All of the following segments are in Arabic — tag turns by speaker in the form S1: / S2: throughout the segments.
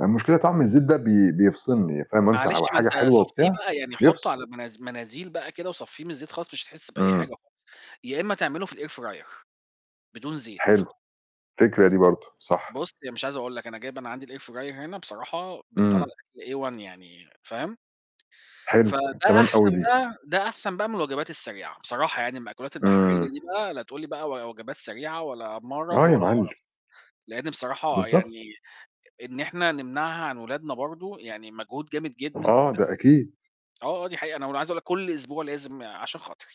S1: المشكلة طعم الزيت ده بي بيفصلني فاهم أنت، هو
S2: معلش ما
S1: حاجة
S2: أنت
S1: حلوة
S2: صفّيه
S1: وبتاع،
S2: بقى، يعني حطه
S1: بيفصل.
S2: على مناز مناديل بقى كده وصفّيه من الزيت خالص مش هتحس بأي
S1: إمم.
S2: حاجة خالص، يا إمّا تعمله في الair fryer بدون زيت.
S1: حلو، فكرة دي برضه، صح.
S2: بُصّ، يعني مش عايز أقول لك أنا جايب أنا عندي الair fryer هنا بصراحة بتطلَّع
S1: إمم.
S2: الأكل A one يعني فاهم؟
S1: حلو،
S2: فده
S1: تمام أوي
S2: أحسن
S1: دي.
S2: بقى ده أحسن بقى من الوجبات السريعة، بصراحة يعني المأكولات
S1: إمم.
S2: البحرية دي بقى لا تقول لي بقى و وجبات سريعة ولا مَرَض
S1: آه يا
S2: ولا
S1: معلم.
S2: قَرَف، لإن بصراحة
S1: بالضبط.
S2: يعني إن إحنا نمنعها عن ولادنا برضه يعني مجهود جامد جدًا.
S1: آه، ده أكيد.
S2: [unintelligible] آه، آه دي حقيقة أنا أقو أنا عايز أقول لك كلّ أسبوع لازم "عشان خاطري،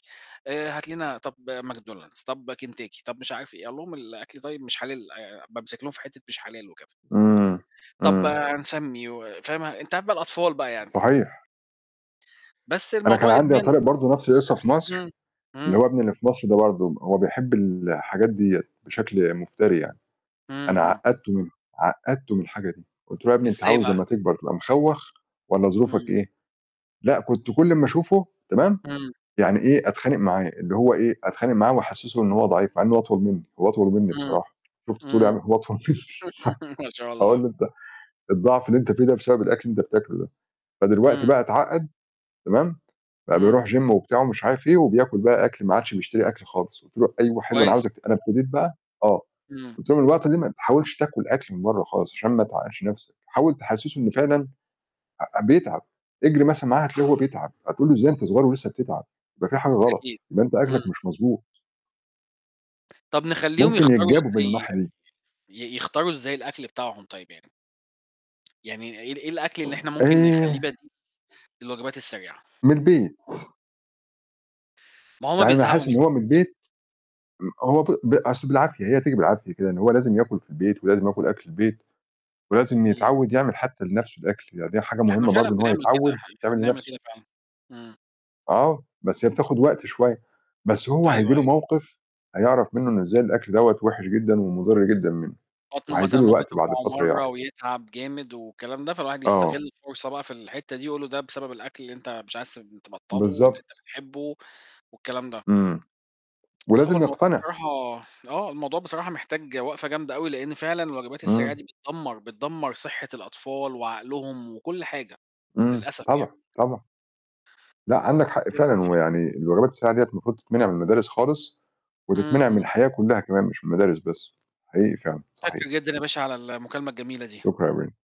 S2: آآ هات لنا طب ماكدونالدز، طب كنتاكي،" طب مش عارف إيه، أقول لهم: "الأكل طيب مش حلال." بامسك لهم في حتّة مش حلال وكده.
S1: إمم،
S2: "طب
S1: إمم.
S2: هنسمي،" وفاهم، أنت عارف بقى الأطفال بقى يعني.
S1: صحيح.
S2: بس
S1: أنا كان
S2: الموضوع
S1: عندي يا
S2: إدمان.
S1: طارق برضه نفْس القصّة في مصر،
S2: همم،
S1: اللي
S2: همم.
S1: هو ابني اللي في مصر ده برضه، هو بيحب الحاجات ديّة بشكل مفتري يعني،
S2: همم،
S1: أنا
S2: همم.
S1: عقّدته من عقّدته من الحاجة دي، قُلت له: "يا ابني أنت
S2: إزاي
S1: عاوز
S2: بقى؟
S1: لمّا تكبر تبقى مخوّخ والّا ظروفك
S2: إمم.
S1: إيه؟" لأ كنت كلّ أمّا أشوفه تمام،
S2: إمم.
S1: يعني إيه، أتخانق معاه، اللي هو إيه، أتخانق معاه وأحسّسه إن هو ضعيف مع إن هو أطول مني، هو أطول مني
S2: إمم،
S1: بصراحة، شُفت طولي عام
S2: إمم.
S1: هو أطول مني س
S2: ما شاء
S1: أقول
S2: الله.
S1: له: "أنت الضعف اللي أنت فيه ده بسبب الأكل بتاكله ده." فدلوقتي
S2: إمم.
S1: بقى اتعقد، تمام، بقى
S2: إمم.
S1: بيروح Gym وبتاع مش عارف إيه وبياكل بقى أكل ما عادش بيشتري أكل خالص، قُلت له: "أيوه حلو أنا
S2: كويس.
S1: عاوزك" أنا ابتديت بقى آه،
S2: إمم.
S1: قلت له: "الوقت ده ما تحاولش تاكل أكل من بَرّة خالص عشان ما تعقدش نَفْسك." حاول تحسّسه إن فعلًا أ أ بيتعب، اجري مثلًا معاه هتلاقيه هو بيتعب، هتقول له إزاي أنت صغيّر ولسّه بتتعب، ده في حاجة غلط،
S2: أكيد.
S1: يبقى أنت أكلك
S2: همم.
S1: مش مضبوط.
S2: طب نخلّيهم
S1: ممكن
S2: يختاروا
S1: يتجابوا من
S2: إزاي
S1: الناحية
S2: يعني
S1: دي.
S2: ي يختاروا إزاي الأكل بتاعهم طيب يعني؟ يعني إيه ال إيه الأكل اللي إحنا ممكن
S1: إيه؟
S2: نخلّيه بديل الوجبات السريعة؟
S1: من البيت.
S2: ما هُم
S1: يعني أنا
S2: بيزهقوا
S1: حاسس
S2: من
S1: إن هو من
S2: البيت.
S1: البيت م هو ب ب أصل بالعافية، هي تيجي بالعافية كده، إن هو لازم ياكل في البيت ولازم ياكل أكل البيت ولازم
S2: امم.
S1: يتعوّد يعمل حتّى لنفْسه الأكل، يعني دي حاجة
S2: إحنا
S1: مهمة
S2: فعلًا
S1: برضه إن هو
S2: بنعمل كده،
S1: يتعوّد
S2: إح إحنا
S1: يعمل
S2: بنعمل
S1: لنفْسه.
S2: كده فعلًا. إمم.
S1: آه، بس هي بتاخد وقت شوية، بس هو هييجي
S2: أيوه،
S1: له
S2: أيوه.
S1: موقف هيعرف منه إن إزاي الأكل دوّة وِحِش جدًا ومُضِر جدًا منه،
S2: بطنه
S1: وهييجي
S2: مثلًا
S1: له
S2: ممكن
S1: وقت بعد
S2: توجعه
S1: فترة
S2: مَرّة
S1: يعرف.
S2: ويتعب جامد والكلام ده فالواحد
S1: آه.
S2: يستغل الفرصة بقى في الحتّة دي، يقول له ده بسبب الأكل اللي أنت مش عايز تبطله واللي أنت
S1: بالضبط.
S2: بتحبه والكلام ده.
S1: إمم،
S2: لأ هو
S1: ولازم
S2: الموضوع
S1: يقتنع.
S2: بصراحة آه، الموضوع بصراحة محتاج وقفة جامدة أوي لإن فعلًا الوجبات السريعة
S1: إمم.
S2: دي بتدمر، بتدمر صحة الأطفال وعقلهم وكلّ حاجة،
S1: إمم،
S2: للأسف يعني.
S1: طبعًا، طبعًا. لأ عندك حق فعلًا، هو
S2: [unintelligible]
S1: يعني الوجبات السريعة ديّة المفروض تتمنع من المدارس خالص،
S2: همم،
S1: وتتمنع من
S2: همم.
S1: الحياة كلّها كمان مش من المدارس بس، حقيقي فعلًا،
S2: متشكر
S1: صحيح.
S2: جدًا يا باشا على المكالمة الجميلة دي.
S1: شكرًا [unintelligible]